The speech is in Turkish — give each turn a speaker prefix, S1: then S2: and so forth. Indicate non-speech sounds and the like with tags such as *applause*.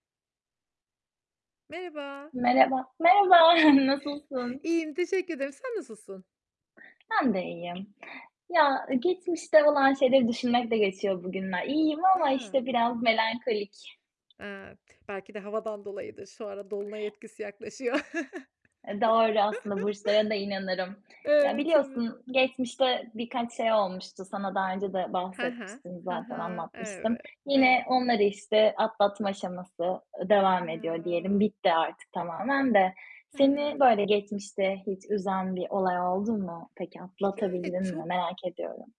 S1: Merhaba!
S2: Merhaba. Merhaba, *chuckles* nasılsın?
S1: İyiyim, teşekkür ederim. Sen nasılsın?
S2: Ben de iyiyim. Ya, geçmişte olan şeyleri düşünmekle geçiyor bugünler. İyiyim ama,
S1: A!
S2: işte, biraz melankolik.
S1: Eee, belki de havadan dolayıdır. Şu ara dolunay etkisi yaklaşıyor. *chuckles*
S2: E, doğru aslında, burçlara da inanırım. Ya,
S1: Evet evet.
S2: biliyorsun geçmişte birkaç şey olmuştu. Sana daha önce de
S1: He he.
S2: bahsetmiştim
S1: Hı
S2: zaten,
S1: hı,
S2: anlatmıştım.
S1: evet,
S2: Yine
S1: evet.
S2: onları işte atlatma aşaması, ııı, devam ediyor diyelim,
S1: Ya!
S2: bitti artık tamamen de.
S1: He
S2: Seni,
S1: he.
S2: böyle, geçmişte hiç üzen bir olay oldu mu? Peki
S1: Yani,
S2: atlatabildin mi,
S1: çok
S2: merak ediyorum?